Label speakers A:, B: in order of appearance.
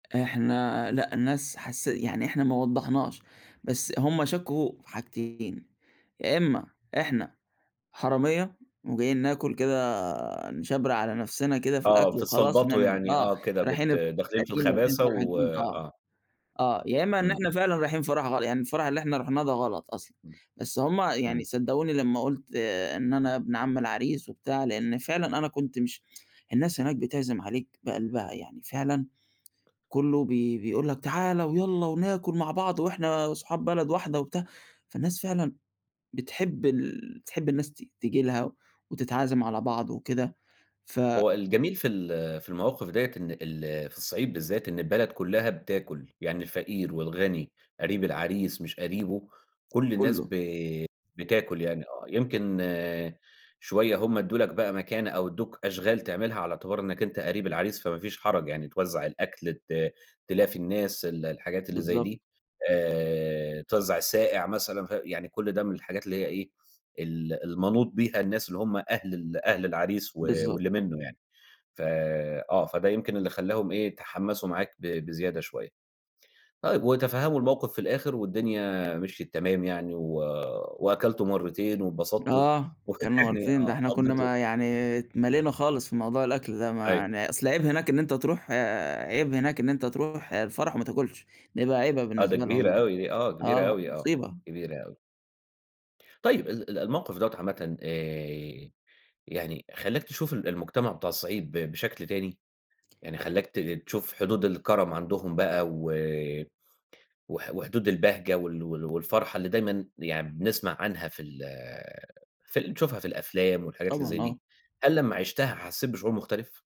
A: إحنا لأ، الناس حسّي يعني إحنا ما وضّحناش، بس هُم شكّوا في حاجتين، يا إمّا إحنا حرامية وجايين ناكل كده نِشبْرق على نَفْسنا كده في
B: آه،
A: الأكل وخلاص
B: بِتتْسلْبطُوا
A: نعمل
B: يعني
A: آه،
B: آه، كده
A: رايحين
B: بت داخلين في الخَباثة و
A: [unintelligible] آه،
B: آه.
A: آه، يا إمّا إن
B: إمم.
A: إحنا فعلًا رايحين فرح غل يعني الفرح اللي إحنا رُحْناه ده غلط أصلًا
B: إمم،
A: بس هُم
B: إمم.
A: يعني صدقوني لما قُلت آآ، إن أنا ابن عم العريس وبتاع، لإن فعلًا أنا كنت مش الناس هناك بتعزم عليك بقلبها، يعني فعلًا كله بي بيقول لك تعال ويلّا وناكل مع بعض وإحنا صُحاب بلد واحدة وبتاع، فالناس فعلًا بتحب ال بتحب الناس ت تيجي لها وتتعازِم على بعض وكده، ف
B: هو الجميل في ال في المواقف ديّة إن ال في الصعيد بالذات إن البلد كُلّها بتاكل، يعني الفقير والغني قريب العريس مش قريبه كل الناس ب
A: كُلّه.
B: بتاكل يعني آه، يمكن آآ، شوية هُم إدّوا لك بقى مكانة أو إدّوك أشغال تعملها على اعتبار إنك أنت قريب العريس فما فيش حَرَج يعني، توزّع الأكل ت تلافي الناس ال الحاجات اللي زي
A: بالضبط.
B: دي آآ، توزّع الساقع مثلًا ف يعني كل ده من الحاجات اللي هي إيه، ال المَنوْط بيها الناس اللي هُم أهل ال أهل العريس و
A: بالضبط.
B: واللي منه يعني، ف آه، فده يمكن اللي خلّاهم إيه، يتحمّسوا معاك ب بزيادة شوية طيب وتفهّموا الموقف في الآخر والدنيا مِشْيت تمام، يعني و وأكلتوا مرّتين واتبسطْتوا
A: آه، أكلنا مرّتين، ده
B: آه،
A: إحنا كنا
B: وقضيْتوا
A: ما يعني اتْمليْنا خالص في موضوع الأكل ده، ما
B: أيوه.
A: يعني أصل عيْب هناك إن أنت تروح آآ، عيْب هناك إن أنت تروح آآ، الفرح وما تاكُلش، ده يبقى عيْبة
B: آه، دي
A: بالنسبة لهم
B: كبيرة
A: يعني
B: أوي دي آه، كبيرة
A: آه،
B: أوي آه،
A: مُصيبة.
B: كبيرة أوي. طيب ال الموقف دوّة عامةً آآ، يعني خلّاك تشوف ال المجتمع بتاع الصعيد ب بشكل تاني؟ يعني خلّاك ت تشوف حدود الكرم عندهم بقى، و وح وحدود البهجة وال وال والفرحة اللي دايمًا يعني بنسْمع عنها في ال في نشوفها في الأفلام والحاجات اللي زي
A: طبعًا،
B: دي،
A: آه.
B: هل لمّا عِشْتها حسّيت بشُعور مختلف؟